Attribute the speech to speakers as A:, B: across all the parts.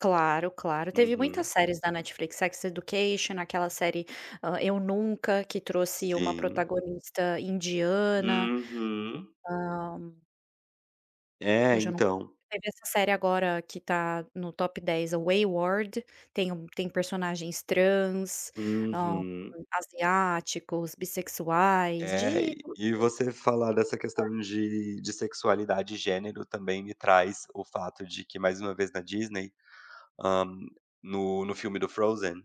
A: Claro, claro, teve muitas
B: Uhum.
A: séries na Netflix, Sex Education, aquela série, Eu Nunca, que trouxe uma
B: Sim.
A: protagonista indiana.
B: Uhum.
A: Hã.
B: É,
A: Hoje eu não co
B: então
A: teve essa série agora que está no top 10 é o Whey World tem um tem personagens trans, ah,
B: Uhum.
A: asiáticos, bissexuais,
B: É
A: de
B: e e
A: [unintelligible]
B: você falar dessa
A: [unintelligible]
B: questão de de sexualidade e gênero também me traz o fato de que mais uma vez na Disney, hã, no no filme do Frozen.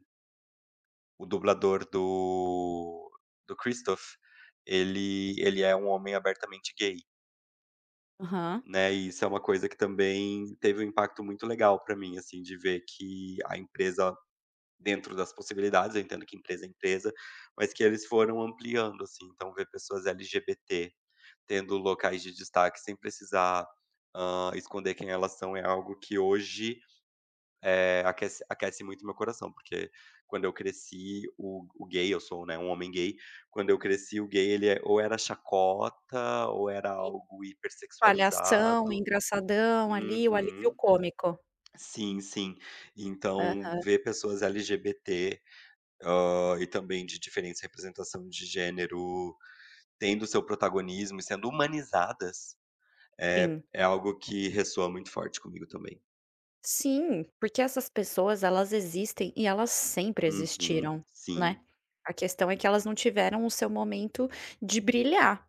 B: O dublador do do Christoph, ele ele é um homem abertamente gay.
A: Aham.
B: Né? E isso é uma coisa que também teve um impacto muito legal pra mim, assim, de ver que a empresa, dentro das possibilidades, eu entendo que empresa é empresa, mas que eles foram ampliando, assim, então ver pessoas LGBT tendo locais de destaque sem precisar, hã, esconder quem elas são é algo que hoje, eh, aquece aquece muito meu coração, porque quando eu cresci, o o gay eu sou, né, um homem gay, quando eu cresci o gay ele é ou era chacota, ou era
A: Sim.
B: algo hiper
A: Palhação,
B: sexualizado.
A: engraçadão ali, o alívio
B: Uhum.
A: cômico.
B: Sim, sim. Então,
A: Aham.
B: ver pessoas LGBT, hã, e também de diferentes representação de gênero, tendo o seu protagonismo e sendo humanizadas, eh,
A: Sim.
B: é algo que ressoa muito forte comigo também.
A: Sim, porque essas pessoas elas existem e elas sempre
B: Uhum,
A: existiram, né?
B: sim.
A: A questão é que elas não tiveram o seu momento de brilhar.